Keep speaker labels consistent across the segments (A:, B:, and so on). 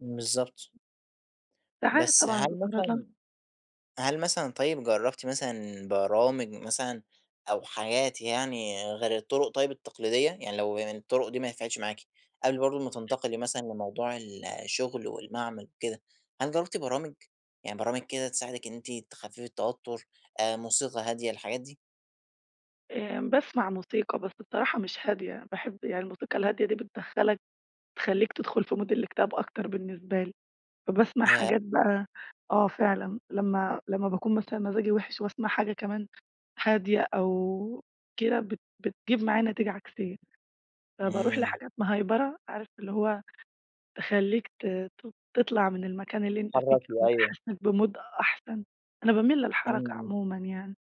A: بالضبط.
B: ساعات
A: بس
B: طبعاً
A: هل
B: بأتعرض لها.
A: مثلًا هل مثلًا طيب، جربتِ مثلًا برامج مثلًا؟ أو حاجات يعني غير الطرق طيب التقليدية؟ يعني لو الطرق دي ما نفعتش معاكِ، قبل برضو ما تنتقلي مثلًا لموضوع ال الشغل والمعمل وكده، هل جربتِ برامج؟ يعني برامج كده تساعدِك إن أنتِ تخففي التوتر آآ، موسيقى هادية الحاجات دي؟
B: آمم، باسمع موسيقى بس الصراحة مش هادية. باحب يعني الموسيقى الهادية دي بتدخلك، بتخليك تدخل في Mood الإكتئاب أكتر بالنسبة لي. فباسمع
A: ياه!
B: حاجات بقى آه، فعلًا لمّا لمّا باكون مثلًا مزاجي وحش وأسمع حاجة كمان هادية أو كده بت بتجيب معايا نتيجة عكسية، فباروح
A: امم.
B: لحاجات مهيبرة عارف اللي هو تخليك ت ت تطلع من المكان اللي أنت فيه،
A: تتحركي، أيوه.
B: وتحسسك بMood أحسن. أنا باميل للحركة
A: امم، امم.
B: عمومًا يعني،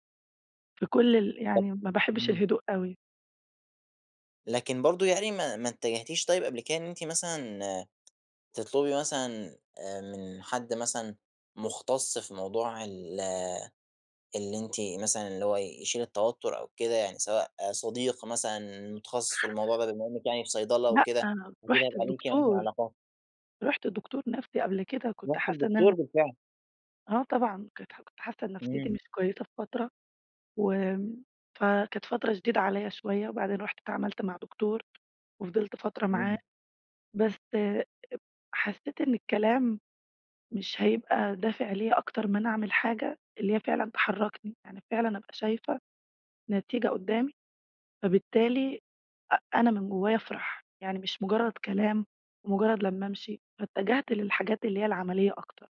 B: في كل ال
A: طَب
B: يعني ما باحبش
A: امم.
B: الهدوء أوي.
A: لكن برضو يعني ما ما اتجهتيش طيب قبل كده إن أنتِ مثلًا تطلبي مثلًا آآ من حد مثلًا، مختص في موضوع ال اللي أنتِ مثلًا اللي هو يشيل التوتر أو كده؟ يعني سواء صديق مثلًا متخصص في الموضوع ده بما إنك يعني في صيدلة
B: لأ،
A: وكده، فأكيد
B: رحت
A: هيبقى ليكِ يعني
B: لدكتور.
A: علاقات؟
B: رحت لدكتور نفسي قبل كده وكنت
A: رحتِ
B: حاسة إن
A: لدكتور
B: أنا
A: بالفعل.
B: آه طبعًا. كانت كنت حاسة إن نفسيتي
A: امم.
B: مش كويسة في فترة وآمم، فكانت فترة شديدة عليّا شوية، وبعدين رحت اتعاملت مع دكتور وفضلت فترة معاه.
A: امم.
B: بس اب حسيت إن الكلام مش هيبقى دافع ليّا أكتر ما أنا أعمل حاجة، اللي هي فعلًا تحركني. يعني فعلًا أبقى شايفة نتيجة قدامي، فبالتالي أ أنا من جوايا أفرح، يعني مش مجرد كلام ومجرد لمّا أمشي، فاتجهت للحاجات اللي هي العملية أكتر.